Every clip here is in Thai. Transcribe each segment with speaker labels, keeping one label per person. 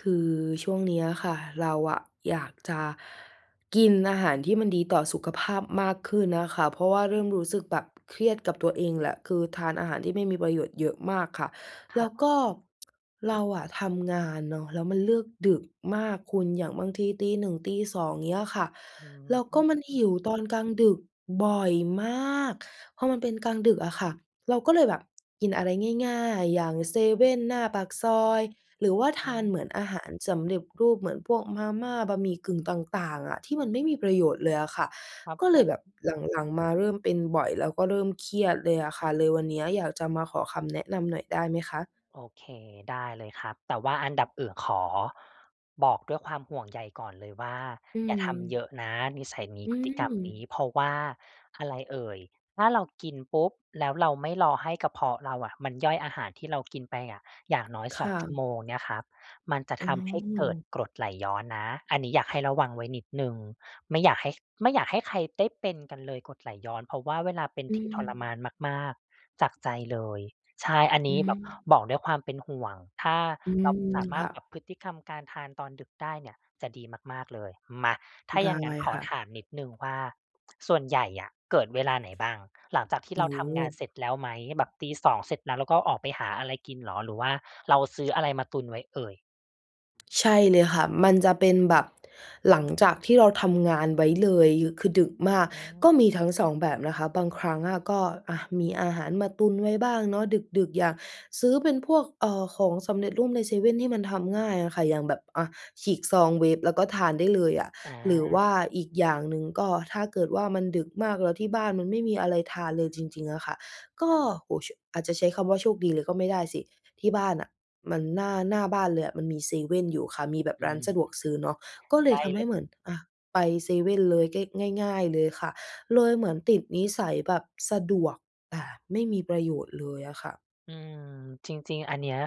Speaker 1: คือช่วงเนี้ยอะค่ะ เราอะอยากจะกินอาหารที่มันดีต่อสุขภาพมากขึ้นอะค่ะ เพราะว่าเริ
Speaker 2: อื
Speaker 1: ่มรู
Speaker 2: อ
Speaker 1: ้สึกแบบเครียดกับตัวเองแหละ คือทานอาหารที่ไม่มีประโยชน์เยอะมากค่ะ
Speaker 2: ค
Speaker 1: แล
Speaker 2: ร
Speaker 1: ้
Speaker 2: ั
Speaker 1: ว
Speaker 2: บผ
Speaker 1: ก็
Speaker 2: ม
Speaker 1: เราอะทำงานเนาะแล้วมันเลิกดึกมากคุณ อย่างบางทีตี 1 ตี 2 อย่างเงี้ยค่ะ
Speaker 2: อื
Speaker 1: แล้วก็มันห
Speaker 2: ม
Speaker 1: ิว ตอนกลางดึกบ่อยมาก พอมันเป็นกลางดึกอะค่ะ เราก็เลยแบบ กินอะไรง่าย ๆ อย่างเซเว่นหน้าปากซอย หรือว่าท
Speaker 2: อ
Speaker 1: านเ
Speaker 2: า
Speaker 1: หมือนอาหารสำเร็จรูป เหมือนพวกมาม่า บะหมี่กึ่งต่าง ๆ อะที่มันไม่มีป
Speaker 2: อ
Speaker 1: ระโยชน์เ
Speaker 2: า
Speaker 1: ลยอะค่ะ
Speaker 2: ครับ
Speaker 1: ก็
Speaker 2: ผ
Speaker 1: เลย
Speaker 2: ม
Speaker 1: แบบหลัง ๆ มาเริ่มเป็นบ่อยแล้วก็เริ่มเครียดเลยอะค่ะ เลยวันนี้อยากจะมาขอคำ แนะนำหน่อยได้ไหมคะ?
Speaker 2: โอเค ได้เลยครับ แต่ว่าอันดับอื่นขอบอกด้วยความห่วงใยก่อนเลยว่า
Speaker 1: อื
Speaker 2: "อย่าทำเย
Speaker 1: ม
Speaker 2: อะนะ นิสัยนี้
Speaker 1: อื
Speaker 2: พฤติกรรมนี้"
Speaker 1: ม
Speaker 2: เพราะอะไรเอ่ย ถ้าเรากินปุ๊บ แล้วเราไม่รอให้กระเพาะเราอะมันย่อยอาหารที่เรา กินไปอะ อย่างน้อย
Speaker 1: ค
Speaker 2: สอ
Speaker 1: ่
Speaker 2: ง
Speaker 1: ะ
Speaker 2: ชั่วโมงเนี่ยครับ มันจะ
Speaker 1: อื
Speaker 2: ทำให้เกิด
Speaker 1: ม
Speaker 2: กรดไหล ย้อนนะ อันนี้อยากให้ระวังไว้นิดหนึ่ง ไม่อยากให้ ไม่อยากให้ใครได้เป็นกันเลยกรดไหลย้อน เพราะว่าเวลาเป็น
Speaker 1: อื
Speaker 2: ทีทรมา
Speaker 1: ม
Speaker 2: นมาก ๆ จาก ใจเลย ใช่ อัน
Speaker 1: อ
Speaker 2: น
Speaker 1: ื
Speaker 2: ี้แบบ
Speaker 1: ม
Speaker 2: บอกด้วยความเป็นห่วง ถ้า
Speaker 1: อื
Speaker 2: เรา
Speaker 1: ม
Speaker 2: สาม
Speaker 1: ค
Speaker 2: าร
Speaker 1: ่
Speaker 2: ถปรั
Speaker 1: ะ
Speaker 2: บพฤติกรรมการทานตอนดึกได้เนี่ยจะดีมาก ๆ เลย มา ถ้า
Speaker 1: ได
Speaker 2: อ
Speaker 1: ้
Speaker 2: ย่างงั้นขอ
Speaker 1: ค่ะ
Speaker 2: ถามนิดหนึ่งว่า ส่วนใหญ่อะเกิดเวลาไหนบ้าง หลังจากที่
Speaker 1: โ
Speaker 2: เ
Speaker 1: อ
Speaker 2: ร
Speaker 1: ้
Speaker 2: า
Speaker 1: โ
Speaker 2: ท
Speaker 1: ฮ
Speaker 2: ำงานเสร็จแล้วไหม แบบตี 2 เสร็จแล้ว แล้วก็ออกไปหาอะไรกินเหรอ หรือว่าเรา ซื้ออะไรมาตุนไว้เอ่ย?
Speaker 1: ใช่เลยค่ะ มันจะเป็นแบบหลังจากที่เราทำงานไว้เลย ย คือดึกมาก
Speaker 2: อื
Speaker 1: ก็มีท
Speaker 2: ม
Speaker 1: ั้ง 2 แบบนะคะ บางครั้งอะก็ อะ มีอาหารมาตุนไว้บ้างเนาะ ดึก ๆ อยากซื้อเป็นพวก เอ่อ ของสำเร็จรูปในเซเว่นที่มันทำง่ายอะค่ะ อย่างแบบ อะ ฉีกซอง เวฟ แล้วก็ทานได้เลยอะ
Speaker 2: อ
Speaker 1: หรือว
Speaker 2: า
Speaker 1: ่าอีกอย่างหนึ่ง ก็ถ้าเกิดว่า มันดึกมากแล้วที่บ้านมันไม่มีอะไรทานเลยจริง ๆ อะค่ะ ก็
Speaker 2: ครับ
Speaker 1: โอ้โฮ ช อาจจะใช้คำว่า โชคดีเลยก็ไม่ได้สิ ที่บ้านน่ะมัน หน้า หน้าบ้านเลยอะมันมีเซเว่นอยู่ค่ะ มีแบบ
Speaker 2: อื
Speaker 1: ร้าน
Speaker 2: ม
Speaker 1: สะดวกซื้อเนาะ ก็เ
Speaker 2: ใ
Speaker 1: ล
Speaker 2: กล
Speaker 1: ย
Speaker 2: ้
Speaker 1: ทำ
Speaker 2: เ
Speaker 1: ใ
Speaker 2: ล
Speaker 1: ห้
Speaker 2: ย
Speaker 1: เหมือน อะ ไปเซเว่นเลย เก้ก ง่าย ๆ เลยค่ะ เลยเหมือนติดนิสัยแบบสะดวกแต่ไม่มีประโยชน์เลยอะค่ะ
Speaker 2: อืม จริง ๆ อันเนี้ย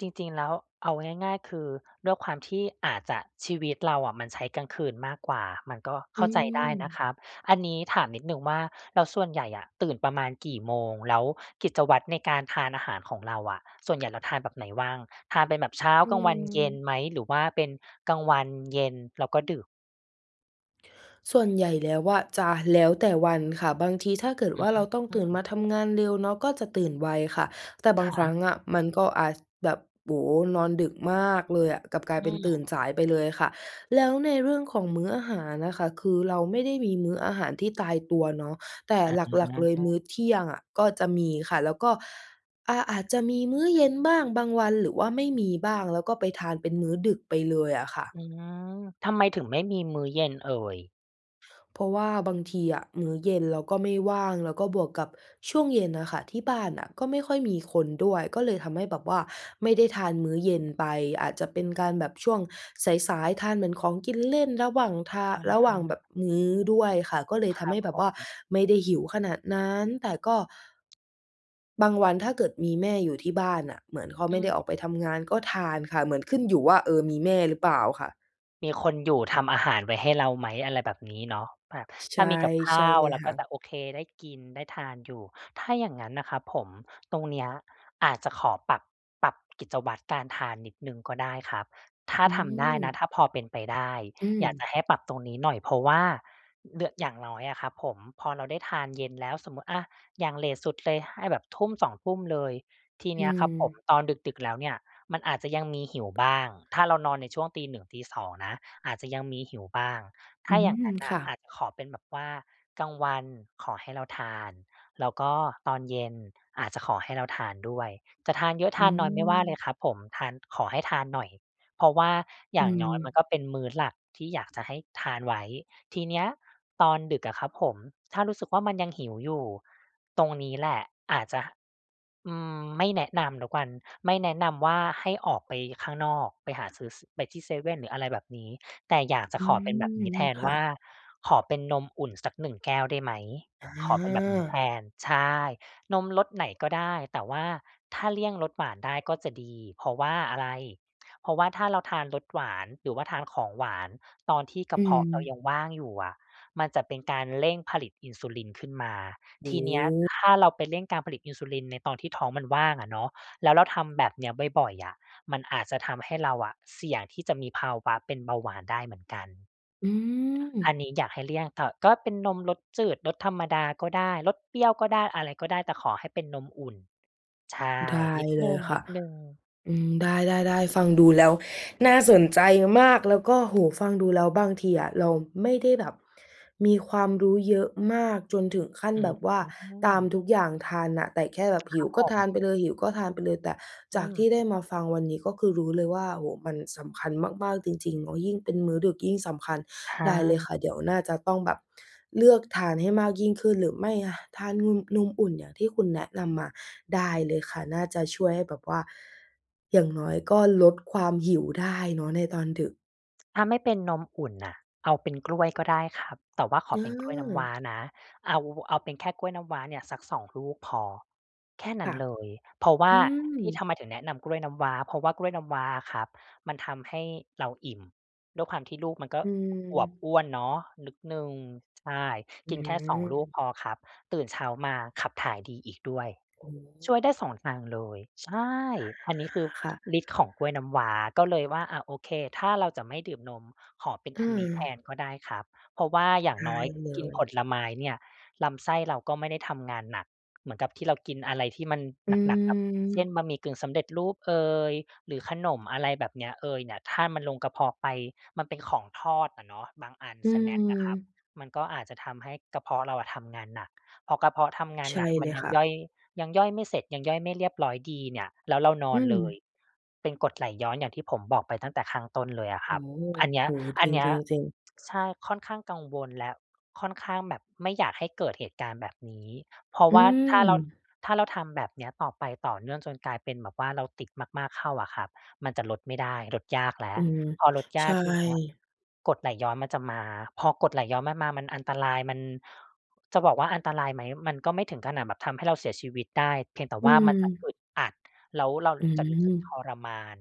Speaker 2: จริง ๆ แล้ว เอาง่าย ๆ คือด้วยความที่อาจจะ ชีวิตเราอะมันใช้กลางคืนมากกว่า มันก็เ
Speaker 1: อ
Speaker 2: ข้
Speaker 1: ื
Speaker 2: าใจได้นะ
Speaker 1: ม
Speaker 2: ครับ อันนี้ถามนิดหนึ่งว่า แล้วส่วนใหญ่อะตื่นประมาณกี่โมง? แล้วกิจวัตรในการทานอาหารของเราอะส่วนใหญ่เราทานแบบไหนว่าง? ทานเป็นแบบเช้า
Speaker 1: อื
Speaker 2: กลางวัน เย็น
Speaker 1: ม
Speaker 2: ไหม? หรือว่าเป็นกลางวัน เย็น แล้วก็ดึก
Speaker 1: ส่วนใหญ่แล้วอะ จะแล้วแต่วันค่ะ บางทีถ้าเกิด
Speaker 2: อื
Speaker 1: ว่า เราต้องตื่นม
Speaker 2: ม
Speaker 1: าทำงานเร็วเนาะ ก็จะตื่นไวค่ะ แต่บา
Speaker 2: ค
Speaker 1: ง
Speaker 2: ร
Speaker 1: คร
Speaker 2: ั
Speaker 1: ั้
Speaker 2: บ
Speaker 1: งอะมันก็อาจ แบบ โอ้โฮ นอนดึกมากเลยอะ กลับกลา
Speaker 2: อื
Speaker 1: ยเป็นตื่น
Speaker 2: ม
Speaker 1: สายไปเลยค่ะ แล้วในเรื่องของมื้ออาหารน่ะค่ะ คือเราไม่ได้มีมื้ออาหารที่ตายตัวเนาะ แต่
Speaker 2: อ
Speaker 1: หลัก ๆ เลยม
Speaker 2: า
Speaker 1: ื้อเที่ยงอะ ก็จะมีค่ะ แล้วก็ อา อาจจะมีมื้อเย็นบ้าง บางวัน หรือว่าไม่มีบ้าง แล้วก็ไปทานเป็นมื้อดึกไปเลยอะค่ะ
Speaker 2: อืม ทำไมถึงไม่มีมื้อเย็นเอ่ย?
Speaker 1: เพราะว่าบางทีอะ มื้อเย็นเราก็ไม่ว่าง แล้วก็บวกกับช่วงเย็นน่ะค่ะ ที่บ้านน่ะก็ไม่ค่อยมีคนด้วย ก็เลยทำให้แบบว่าไม่ได้ทานมื้อเย็นไป อาจจะเป
Speaker 2: อ
Speaker 1: ็
Speaker 2: ื
Speaker 1: น
Speaker 2: อฮ
Speaker 1: การแบบช่วง
Speaker 2: ึ
Speaker 1: สาย ๆ ทานเหมือนของกินเล่นระหว่างทา
Speaker 2: คน
Speaker 1: ระ
Speaker 2: ท
Speaker 1: หว่าง
Speaker 2: ำ
Speaker 1: แบบมื้อด้วยค่ะ ก็เลย
Speaker 2: ค
Speaker 1: ท
Speaker 2: ร
Speaker 1: ำ
Speaker 2: ั
Speaker 1: ให
Speaker 2: บ
Speaker 1: ้แ
Speaker 2: ผ
Speaker 1: บบว่า
Speaker 2: ม
Speaker 1: ไม่ได้หิวขนาดนั้น แต่ก็ บางวัน ถ้าเกิดมีแม่อยู่ที่บ้านน่ะ เหมือนเขา
Speaker 2: อ
Speaker 1: ไ
Speaker 2: ื
Speaker 1: ม่ได้ออก
Speaker 2: ม
Speaker 1: ไปทำงาน ก็ทานค่ะ เหมือนขึ้นอยู่ว่า เออ มีแม่หรือเปล่าค่ะ?
Speaker 2: มีคนอยู่ทำอาหารไว้ให้เราไหม? อะไรแบบนี้เนาะ แบบ
Speaker 1: ช ใ
Speaker 2: ถ
Speaker 1: ช
Speaker 2: ้า
Speaker 1: ่
Speaker 2: มีกับข
Speaker 1: ใช
Speaker 2: ้
Speaker 1: ่
Speaker 2: าว
Speaker 1: เลย
Speaker 2: เรา
Speaker 1: ค
Speaker 2: ก
Speaker 1: ่
Speaker 2: ็
Speaker 1: ะ
Speaker 2: จะ โอเค ได้กิน ได้ทานอยู่ ถ้าอย่างงั้นน่ะครับผม ตรงเนี้ยอาจจะขอปรับ ปรับกิจวัตรการทานนิดหนึ่งก็ได้ครับ ถ้า
Speaker 1: อื
Speaker 2: ทำได้นะ
Speaker 1: ม
Speaker 2: ถ้าพอเป็นไปได้
Speaker 1: อื
Speaker 2: อยากจะ
Speaker 1: ม
Speaker 2: ให้ปรับตรงนี้หน่อย เพราะว่า อ เดือ อย่างน้อยอะครับผม พอเราได้ทานเย็นแล้ว สมมุติ อะ อย่างเลตสุดเลยให้แบบ 19:00-20:00 เลย ที
Speaker 1: อ
Speaker 2: เ
Speaker 1: ื
Speaker 2: นี้ยครับผม
Speaker 1: ม
Speaker 2: ตอนดึก ๆ แล้วเนี่ยมันอาจจะยังมีหิวบ้าง ถ้าเรานอนในช่วง 01:00-02:00 นะ อาจจะยังมีหิวบ้าง ถ
Speaker 1: อื
Speaker 2: ้าอย่าง
Speaker 1: ม
Speaker 2: งั้นน
Speaker 1: ค
Speaker 2: ่ะ
Speaker 1: ่ะ
Speaker 2: อาจ ขอเป็นแบบว่า กลางวันขอให้เราทาน แล้วก็ตอนเย็นอาจจะขอให้เราทานด้วย จะทานเยอะ
Speaker 1: อ
Speaker 2: ท
Speaker 1: ื
Speaker 2: านน้อยไม่ว่าเล
Speaker 1: ม
Speaker 2: ยครับผม ทาน ขอให้ทานหน่อย เพราะว่าอ
Speaker 1: อ
Speaker 2: ย
Speaker 1: ื
Speaker 2: ่างน้อยมัน
Speaker 1: ม
Speaker 2: ก็เป็นมื้อหลักที่อยากจะให้ทานไว้ ทีเนี้ย ตอนดึกอะครับผม ถ้ารู้สึกว่า มันยังหิวอยู่ ตรงนี้แหละอาจจะ อืม ไม่แนะนำแล้วกัน ไม่แนะนำว่า ให้ออกไปข้างนอก ไปหาซื้อ ส ไปที่เซเว่นหรืออะไรแบบนี้ แต่อยากจ
Speaker 1: อ
Speaker 2: ะ
Speaker 1: ื
Speaker 2: ขอเป็น
Speaker 1: ม
Speaker 2: แบบนี้แทน
Speaker 1: ค่
Speaker 2: ว
Speaker 1: ะ
Speaker 2: ่า ขอเป็นนมอุ่นสัก 1 แก้วได้ไหม?
Speaker 1: อ
Speaker 2: ขอเป็นแบบนี้แท
Speaker 1: า
Speaker 2: น ใช่ นมรสไหนก็ได้ แต่ว่าถ้าเลี่ยงรสหวานได้ก็จะดี เพราะว่าอะไร เพราะว่าถ้าเราทานรสหวาน หรือว่าทานของหวานตอนที่กร
Speaker 1: อื
Speaker 2: ะเพาะเรา
Speaker 1: ม
Speaker 2: ยังว่างอยู่อะ มันจะเป็นการเร่งผลิตอินซูลินขึ้นมา
Speaker 1: โอ
Speaker 2: ท
Speaker 1: ้
Speaker 2: ีเน
Speaker 1: โ
Speaker 2: ี้ย
Speaker 1: ฮ
Speaker 2: ถ้าเราไปเร่งการผลิตอินซูลินในตอนที่ท้องมันว่างอะเนาะ แล้วเราทำแบบเนี้ยบ่อย ๆ อะ มันอาจจะทำให้เราอะเสี่ยงที่จะมีภาวะเป็นเบาหวานได้เหมือนกัน
Speaker 1: อืม
Speaker 2: อันนี้อยากให้เลี่ยงถ่อ ก็เป็นนมรสจืด รสธรรมดาก็ได้ รสเปรี้ยวก็ได้ อะไรก็ได้ แต่ขอให้เป็นนมอุ่น ใช่
Speaker 1: ได้
Speaker 2: นิด
Speaker 1: เ
Speaker 2: ห
Speaker 1: ล
Speaker 2: น
Speaker 1: ยค่ะ
Speaker 2: ึ่ง ๆ
Speaker 1: อืม ได้ ๆ ๆ ฟังดูแล้วน่าสนใจมาก แล้วก็ โอ้โฮ ฟังดูแล้ว บางทีอะ เราไม่ได้แบบมีความรู้เยอะมากจนถึงขั้น
Speaker 2: อื
Speaker 1: แบบว่าตาม
Speaker 2: อ
Speaker 1: ทุกอย่างทันน่ะ แต่แค่แบบห
Speaker 2: ค
Speaker 1: ิ
Speaker 2: ร
Speaker 1: ว
Speaker 2: ับ
Speaker 1: ก
Speaker 2: ผ
Speaker 1: ็ทานไป
Speaker 2: ม
Speaker 1: เลย หิวก็ทานไปเลย แต่
Speaker 2: อ
Speaker 1: จ
Speaker 2: ื
Speaker 1: ากท
Speaker 2: ม
Speaker 1: ี่ได้มาฟังวันนี้ ก็คือรู้เลยว่า โอ้โฮ มันสำคัญมาก ๆ จริง ๆ เนาะ ยิ่งเป็นมื้อดึกยิ่งสำคัญ
Speaker 2: ท
Speaker 1: ได
Speaker 2: า
Speaker 1: ้เลย
Speaker 2: ม
Speaker 1: ค่ะ เดี๋ยวน่าจะต้องแบบเลือกทานให้มากยิ่งขึ้น หรือไม่ อะ ทานนุม นมอุ่นอย่างที่คุณแนะนำมา ได้เลยค่ะ น่าจะช่วยให้แบบว่า อย่างน้อยก็ลดความหิวได้เนาะในตอนดึก
Speaker 2: ถ้าไม่เป็นนมอุ่นน่ะ เอาเป็นกล้วยก็ได้ครับ แต่ว่าข
Speaker 1: อ
Speaker 2: อ
Speaker 1: ื
Speaker 2: เป็นกล้วยน้ำว้
Speaker 1: ม
Speaker 2: า นะ เอา เอาเป็นแค่กล้วยน้ำว้าเนี่ยสัก 2 ลูกพอ แค่น
Speaker 1: ค
Speaker 2: ั้
Speaker 1: ่
Speaker 2: น
Speaker 1: ะ
Speaker 2: เลย เพราะว
Speaker 1: อ
Speaker 2: ่
Speaker 1: ื
Speaker 2: าที่
Speaker 1: ม
Speaker 2: ทำไมถึงแนะนำกล้วยน้ำว้า เพราะว่ากล้วยน้ำว้าอะครับมันทำให้เราอิ่ม ด้วยความที่ลูกมันก็
Speaker 1: อื
Speaker 2: อวบอ
Speaker 1: ม
Speaker 2: ้วนเนาะนิด หนึ่ง ใช่
Speaker 1: อ
Speaker 2: ก
Speaker 1: ื
Speaker 2: ินแค่ 2 ลูก
Speaker 1: อ
Speaker 2: พอครับ ตื่นเช้ามาขับถ่ายดีอีกด้วย
Speaker 1: อือฮ
Speaker 2: ช
Speaker 1: ึ
Speaker 2: ่วยได้ 2 ทางเลย ใช่
Speaker 1: อา
Speaker 2: อัน นี้คือ
Speaker 1: ค่ะ
Speaker 2: ฤทธิ์ของกล้วยน้ำว้า ก็เลยว่า อะ โอเค ถ้าเราจะไม่ดื่มนม ขอเป็น
Speaker 1: อื
Speaker 2: อันนี้แท
Speaker 1: อ
Speaker 2: นก็ได้ครับ เพราะว่าอย่า
Speaker 1: ไ
Speaker 2: ง
Speaker 1: ด้
Speaker 2: น้อย
Speaker 1: เล
Speaker 2: กินผ
Speaker 1: ย
Speaker 2: ลไม้เนี่ย ลำไส้เราก็ไม่ได้ทำงานหนัก เหมือนกับที่เรากินอะไรที่มัน
Speaker 1: อ
Speaker 2: หนัก ๆ แบบ เช่น
Speaker 1: ือ
Speaker 2: บะหมี่กึ่งสำเร็จ รูปเอย หรือขนมอะไรแบบเนี้ยเอยเนี่ย ถ้ามันลงกระเพาะไปมันเป็นของทอดอะเนาะ บางอัน
Speaker 1: อื
Speaker 2: สแน็กอะครับ
Speaker 1: อ
Speaker 2: มันก็อาจจะทำให้กระเพาะเราอะทำงานหนัก พอกระเพาะทำงา
Speaker 1: ใ
Speaker 2: น
Speaker 1: ช่
Speaker 2: หนักม
Speaker 1: เ
Speaker 2: ั
Speaker 1: ล
Speaker 2: น
Speaker 1: ย
Speaker 2: ยั
Speaker 1: ค
Speaker 2: ง
Speaker 1: ่
Speaker 2: ย
Speaker 1: ะ
Speaker 2: ่อย ยังย่อยไม่เสร็จ ยังย่อยไม่เรียบร้อยดีเนี่ยแล้วเราน
Speaker 1: อ
Speaker 2: อ
Speaker 1: ื
Speaker 2: น เลย
Speaker 1: อ
Speaker 2: เป็นกรด ไหลย้อนอย่างที่ผมบอกไปตั้งแต่ข้างต้นเลยอะค
Speaker 1: โอ
Speaker 2: รั
Speaker 1: ้
Speaker 2: บ
Speaker 1: โฮ
Speaker 2: อันเน
Speaker 1: โ
Speaker 2: ี้ย
Speaker 1: อ้โฮ
Speaker 2: อ
Speaker 1: จ
Speaker 2: ันเนี้ย
Speaker 1: ริง ๆ ๆ
Speaker 2: ใช่ ค่อนข้างกังวล และค่อนข้างแบบไม่อยากให้เกิดเหตุการณ์แบบนี้ เพราะ
Speaker 1: อื
Speaker 2: ว่าถ้าเรา
Speaker 1: อ
Speaker 2: ถ้าเราทำแบบเนี้ยต่อไปต่อเนื่องจนกลายเป็นแบบว่าเราติด มาก ๆ เข้าอะครับ มันจะลดไม่ได้ ลดยากแล้
Speaker 1: อ
Speaker 2: ว
Speaker 1: ือ
Speaker 2: พอลดย
Speaker 1: ใช
Speaker 2: ากที่เนี้ย
Speaker 1: ่
Speaker 2: กรดไหลย้อนมันจะมา พอ กรดไหลย้อนมันมา มันอันตราย มัน จะบอกว่า อันตรายไหม? มันก็ไม่ถึงขนาดแบบทำให้เราเสียชีวิตได้ เพียงแต่
Speaker 1: อื
Speaker 2: ว่ามันจะ
Speaker 1: อ
Speaker 2: อึดอัด แล้วเรา
Speaker 1: อื
Speaker 2: จะรู้สึกท
Speaker 1: ม
Speaker 2: รมาน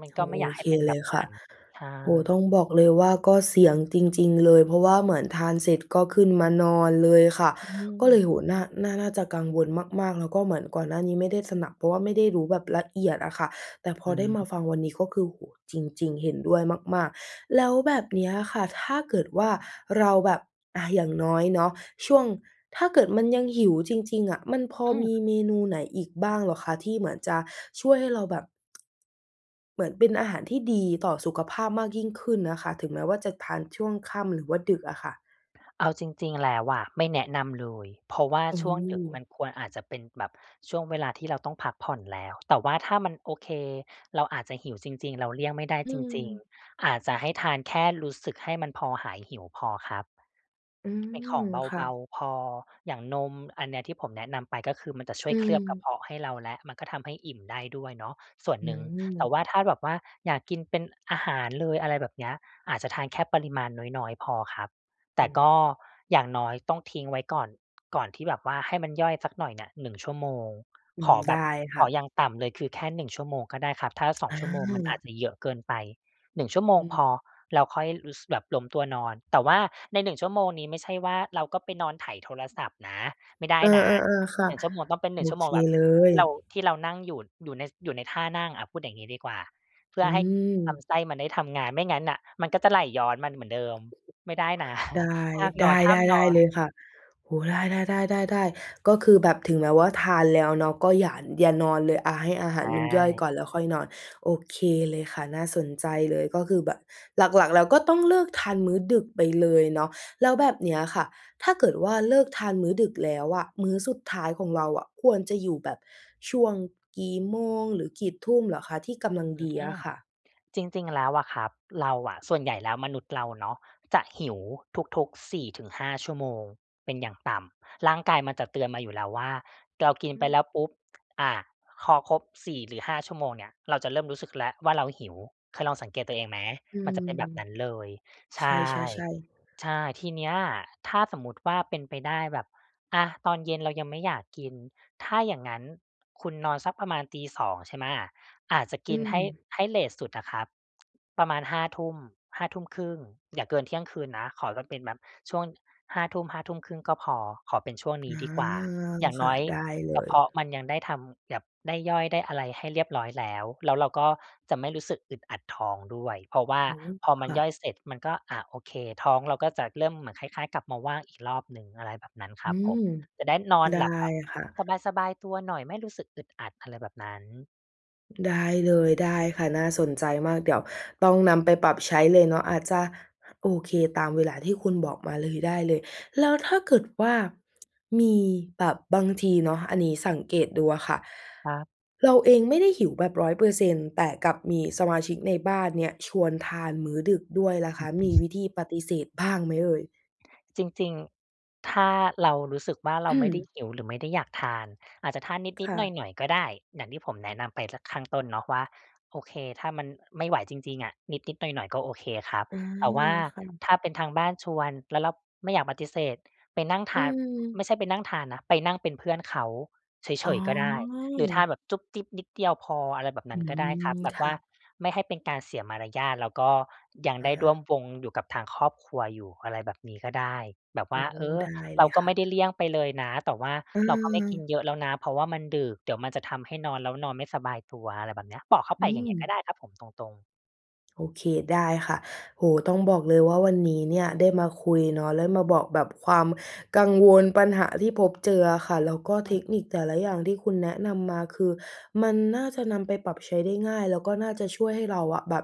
Speaker 2: มัน
Speaker 1: โอ
Speaker 2: ก็
Speaker 1: ้
Speaker 2: ไ
Speaker 1: โฮ
Speaker 2: ม่
Speaker 1: โอ
Speaker 2: อยากให
Speaker 1: เ
Speaker 2: ้
Speaker 1: ค
Speaker 2: เป็นแ
Speaker 1: เ
Speaker 2: บ
Speaker 1: ลย
Speaker 2: บ
Speaker 1: ค
Speaker 2: น
Speaker 1: ่
Speaker 2: ั
Speaker 1: ะ
Speaker 2: ้น ใช่
Speaker 1: โอ้โฮ ต้องบอกเลยว่า ก็เสี่ยงจริง ๆ เลย เพราะว่าเหมือนทานเสร็จก็ขึ้นมานอนเลยค่ะ
Speaker 2: อื
Speaker 1: ก็เลย
Speaker 2: ม
Speaker 1: โอ้โฮ น่า น่า น่าจะกังวลมาก ๆ แล้วก็เหมือนก่อนหน้านี้ไม่ได้สนับ เพราะว่าไม่ได้รู้แบบละเอียดอะค่ะ แต่พ
Speaker 2: อ
Speaker 1: อ
Speaker 2: ือ
Speaker 1: ได
Speaker 2: ฮ
Speaker 1: ้
Speaker 2: ึ
Speaker 1: มาฟังวันนี้ก็คือ โอ้โฮ จริง ๆ เห็นด้วยมาก ๆ แล้วแบบ เนี้ยค่ะ ถ้าเกิดว่า เราแบบ อา อย่างน้อยเนาะ ช่วง ถ้าเกิดมันยังหิวจริง ๆ อะ มันพอ
Speaker 2: อื
Speaker 1: มี
Speaker 2: ม
Speaker 1: เมนูไหนอีกบ้างเหรอคะ? ที่เหมือนจะช่วยให้เราแบบ เหมือนเป็นอาหารที่ดีต่อสุขภาพมากยิ่งขึ้นนะคะ ถึงแม้ว่า จะทานช่วงค่ำหรือว่าดึกอะค่ะ
Speaker 2: เอาจริง ๆ แล้วอะไม่แนะนำเลย เพราะว่า
Speaker 1: โอ้
Speaker 2: ช่วงดึกมันควร อาจจะเป็นแบบช่วงเวลาที่เราต้องพักผ่อนแล้ว แต่ว่าถ้ามัน โอเค เราอาจจะหิวจริง ๆ เราเลี่ยงไม่ได้
Speaker 1: อื
Speaker 2: จริง
Speaker 1: ม
Speaker 2: ๆ อาจจะให้ทานแค่รู้สึกให้มันพอหายหิวพอครับ
Speaker 1: อื
Speaker 2: เป็น
Speaker 1: ม
Speaker 2: ของเ
Speaker 1: ค่
Speaker 2: บา
Speaker 1: ะ
Speaker 2: ๆ พอ อย่างนม อันเนี้ยที่ผมแนะนำไปก็คือมันจะช่
Speaker 1: อื
Speaker 2: วยเคลือบกระเ
Speaker 1: อ
Speaker 2: พาะให้เราแล้ว มันก็ทำให้อิ่มได้ด้วยเนาะส่วน
Speaker 1: อื
Speaker 2: หนึ่ง แต่
Speaker 1: ม
Speaker 2: ว่าถ้าแบบว่า อยาก กินเป็นอาหารเลย อะไรแบบเนี้ย อาจจะทานแค่ปริมาณน้อย ๆ พอครับ แต
Speaker 1: อ
Speaker 2: ่
Speaker 1: ือ
Speaker 2: ก
Speaker 1: ฮ
Speaker 2: ็
Speaker 1: ึ
Speaker 2: อย่างน้อยต้องทิ้งไว้ก่อน ก่อน ที่แบบว่าให้มันย่อยสักหน่อยเนี่ย 1 ชั่วโมง
Speaker 1: อื
Speaker 2: ข
Speaker 1: ม
Speaker 2: อแ
Speaker 1: ไ
Speaker 2: บ
Speaker 1: ด้
Speaker 2: บ
Speaker 1: ค
Speaker 2: ข
Speaker 1: ่
Speaker 2: ออย่
Speaker 1: ะ
Speaker 2: างต่ำเลยคือแค่ 1 ชั่วโมงก็ได้ครับ ถ้า 2
Speaker 1: อ
Speaker 2: ชั่วโมงมันอ
Speaker 1: า
Speaker 2: าจจะเยอะเกินไป 1 ชั่วโมง
Speaker 1: อื
Speaker 2: พ
Speaker 1: อ
Speaker 2: อ แล้วค่อยรู้ ส แบบล้มตัวนอน แต่ว่าใน 1 ชั่วโมงนี้ไม่ใช่ว่าเราก็ไปนอนไถโทรศัพท์นะ ไม่ได้
Speaker 1: เออ
Speaker 2: นะ
Speaker 1: ๆ ๆ ค่ะ
Speaker 2: 1 ชั่วโมงต้องเป็น
Speaker 1: โ
Speaker 2: ห
Speaker 1: อ
Speaker 2: นึ่ง ชั่ว
Speaker 1: เ
Speaker 2: โม
Speaker 1: ค
Speaker 2: งแบบ
Speaker 1: เล
Speaker 2: ที
Speaker 1: ย
Speaker 2: ่เรา ที่เรานั่งอยู่ อยู่ใน ส อยู่ในท่านั่ง อะ พูดอย่างงี้ดีกว่า เพื่
Speaker 1: อื
Speaker 2: อให้ล
Speaker 1: ม
Speaker 2: ำไส้มันได้ทำงาน ไม่งั้นน่ะมันก็จะไหลย้อน มัน เหมือนเดิม ไม่ได้นะ
Speaker 1: ได
Speaker 2: ห้ามนอ
Speaker 1: ้
Speaker 2: น ๆ
Speaker 1: ได้ ๆ ได้เลยค่ะ โอ้โฮ ได้ ๆ ๆ ๆ ๆ ก็คือแบบถึงแม้ว่า ทานแล้วเนาะก็อย่า อย่านอนเลย อา ให้อาหา
Speaker 2: ใช
Speaker 1: รมันย่อย
Speaker 2: ่
Speaker 1: ก่อนแล้วค่อยนอน โอเคเลยค่ะ น่าสนใจเลย ก็คือแบบหลัก ๆ แล้วก็ต้อง เลิกทานมื้อดึกไปเลยเนาะ แล้วแบบเนี้ยค่ะ ถ้าเกิดว่า เลิกทานมื้อดึก แล้วอะ มื้อสุดท้ายของเราอะควรจะอยู่แบบช่วงกี่โมงหรือกี่ทุ่มเหรอคะ? ที่กำลัง
Speaker 2: อื
Speaker 1: ดีอ
Speaker 2: ม
Speaker 1: ะค่ะ
Speaker 2: จริง ๆ แล้วอะครับ เราอะ ส่วนใหญ่แล้วมนุษย์เราเนาะจะ หิวทุก ๆ 4-5 ชั่วโมงเป็นอย่างต่ำ ร่างกายมันจะเตือนมาอยู่แล้วว่า เรากิน
Speaker 1: อื
Speaker 2: ไป
Speaker 1: ม
Speaker 2: แล้วปุ๊บ อา พอครบ 4 หรือ 5 ชั่วโมงเนี่ยเราจะเริ่มรู้สึกแล้วว่า เราหิว เคยลองสังเกตตัวเองไหม?
Speaker 1: อื
Speaker 2: มันจะ
Speaker 1: ม
Speaker 2: เป็นแบบนั้นเลย ใช
Speaker 1: ใช
Speaker 2: ่
Speaker 1: ่ ๆ ๆ
Speaker 2: ใช่ ทีเนี้ยอะ ถ้าสมมุติว่า เป็นไปได้แบบ อะ ตอนเย็นเรายังไม่อยาก กิน ถ้าอย่างงั้นคุณนอนสักประมาณตี 2 ใช่ไหม? อาจจะ
Speaker 1: อ
Speaker 2: ก
Speaker 1: ื
Speaker 2: ินให้
Speaker 1: ม
Speaker 2: ให้เลตสุดอะครับ ประมาณ 5 ทุ่ม 5 ทุ่มครึ่ง อย่าเกินเที่ยงคืนนะ ขอว่าเป็นแบบช่วง 5 ทุ่ม 5 ทุ่มครึ่งก็พอ ขอเป็นช่วงน
Speaker 1: อ
Speaker 2: ี้
Speaker 1: า
Speaker 2: ดีกว่า อย่าง
Speaker 1: ค
Speaker 2: น
Speaker 1: ่
Speaker 2: ้
Speaker 1: ะ
Speaker 2: อย
Speaker 1: ได้เล
Speaker 2: กระ
Speaker 1: ย
Speaker 2: เพาะมันยังได้ทำแบบได้ย่อยได้อะไรให้เรียบร้อยแล้ว แล้วเราก็จะไม่รู้สึกอึดอัดท้องด้วย เพราะว่า
Speaker 1: อ๋อ
Speaker 2: พอม
Speaker 1: ค
Speaker 2: ัน
Speaker 1: ่
Speaker 2: ย่
Speaker 1: ะ
Speaker 2: อยเสร็จ มันก็ อะ โอเค ท้องเราก็จะเริ่มเหมือนคล้าย ๆ กลับมาว่างอีกรอบหนึ่ง อะไรแบบนั้นค
Speaker 1: อ
Speaker 2: ร
Speaker 1: ื
Speaker 2: ับผ
Speaker 1: ม
Speaker 2: ม จะได้นอน
Speaker 1: ได้
Speaker 2: หลับแบบ
Speaker 1: ค่ะ
Speaker 2: สบาย ๆ ตัวหน่อย ไม่รู้สึกอึดอัด อะไรแบบนั้น
Speaker 1: ได้เลย ได้ค่ะ น่าสนใจมาก เดี๋ยวต้องนำไปปรับใช้เลยเนาะ อาจจะ โอเค ตามเวลาที่คุณบอกมาเลย ได้เลย แล้วถ้าเกิดว่า มีแบบบางทีเนาะ อันนี้สังเกตดูอะค่ะ
Speaker 2: ครับ
Speaker 1: เราเองไม่ได้หิวแบบ 100% แต่กลับมีสมาชิกในบ้านเนี่ย ชวนทานมื้อดึกด้วยล่ะ
Speaker 2: อ
Speaker 1: ค
Speaker 2: ื
Speaker 1: ะ
Speaker 2: ม
Speaker 1: มีวิธีปฏิเสธบ้างไหมเอ่ย?
Speaker 2: จริง ๆ ถ้าเรารู้สึกว่า เราไม่ได้หิว หรือไม่ได้อยากทาน อาจจะทาน
Speaker 1: ค
Speaker 2: นิด
Speaker 1: ่ะ
Speaker 2: ๆ หน่อย ๆ ก็ได้ อย่างที่ผมแนะนำไปสักข้างต้นเนาะว่า โอเค ถ้ามัน ไม่ไหวจริง ๆ อะ นิด ๆ หน่อย ๆ ก็โอเคครับ
Speaker 1: อา
Speaker 2: แต่ว่า
Speaker 1: ค่ะ
Speaker 2: ถ้าเป็นทางบ้านชวน แล้วเรา ไม่อยากปฏิเสธ ไปนั่งท
Speaker 1: อื
Speaker 2: าน ไม่
Speaker 1: ม
Speaker 2: ใช่ไปนั่งทานนะ ไปนั่งเป็นเพื่อนเขาเ
Speaker 1: อ
Speaker 2: ฉ
Speaker 1: ๋
Speaker 2: ย ๆ ก็ได้ หรือทาน
Speaker 1: อ
Speaker 2: แบบจุ๊บจิ๊บนิดเดียวพอ อะไรแบบน
Speaker 1: อ
Speaker 2: ั
Speaker 1: ื
Speaker 2: ้นก็ได้ครับ
Speaker 1: ม
Speaker 2: แบบ
Speaker 1: ค
Speaker 2: ว
Speaker 1: ่
Speaker 2: ่า
Speaker 1: ะ
Speaker 2: ไม่ให้เป็นการเสียมารยาท แล้วก็ ยัง
Speaker 1: อ
Speaker 2: ได้ร่วม
Speaker 1: า
Speaker 2: วงอยู่กับทางครอบครัวอยู่ อะไรแบบนี้ก็ได้ แบบว
Speaker 1: โอ
Speaker 2: ่
Speaker 1: ้
Speaker 2: า เออ
Speaker 1: ได้
Speaker 2: เ
Speaker 1: เ
Speaker 2: ร
Speaker 1: ล
Speaker 2: า
Speaker 1: ย
Speaker 2: ก็
Speaker 1: ค
Speaker 2: ไ
Speaker 1: ่ะ
Speaker 2: ม่ได้เลี่ยงไปเลยนะ แต่ว่า
Speaker 1: อื
Speaker 2: เราก็ไม่กิน
Speaker 1: ม
Speaker 2: เยอะแล้วนะ เพราะว่ามันดึกเดี๋ยวมันจะทำให้นอนแล้วนอนไม่สบายตัว อะไรแบบเนี้ย บอกเขาไ
Speaker 1: อื
Speaker 2: ปอย่างเงี้ย
Speaker 1: ม
Speaker 2: ก็ได้ครับผม ตรง ๆ
Speaker 1: โอเค ได้ค่ะ โอ้โฮ ต้องบอกเลยว่า วันนี้เนี่ยได้มาคุยเนาะ แล้วมาบอกแบบความกังวล ปัญหาที่พบเจออะค่ะ แล้วก็เทคนิคแต่ละอย่างที่คุณแนะนำมา คือมันน่าจะนำไปปรับใช้ได้ง่าย แล้วก็น่าจะช่วยให้เราอะ แบบ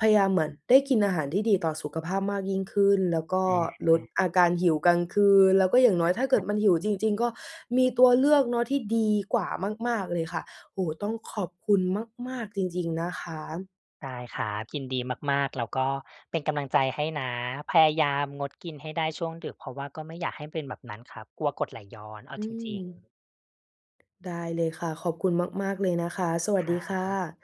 Speaker 1: พยายามเหมือนได้กินอาหารที่ดีต่อสุขภาพมากยิ่งขึ้น แล้วก็
Speaker 2: อ
Speaker 1: ลด
Speaker 2: า
Speaker 1: อาการหิวกลางคืน แล้วก็อย่างน้อยถ้าเกิดมันหิวจริง ๆ ก็มีตัวเลือกเนาะ ที่ดีกว่ามาก ๆ เลยค่ะ โอ้โฮ ต้องขอบคุณมาก ๆ จริง ๆ นะคะ
Speaker 2: ได้ครับ ยินดีมาก ๆ แล้วก็ เป็นกำลังใจให้นะ พยายามงดกินให้ได้ช่วงดึก เพราะว่าก็ไม่อยากให้เป็นแบบนั้นครับ กลัวกรดไหลย้อนเอา
Speaker 1: อื
Speaker 2: จริง ๆ
Speaker 1: ม ได้เลยค่ะ ขอบคุณมาก ๆ เลยนะคะ สวัส
Speaker 2: ค
Speaker 1: ด
Speaker 2: รั
Speaker 1: ีค่
Speaker 2: บ
Speaker 1: ะ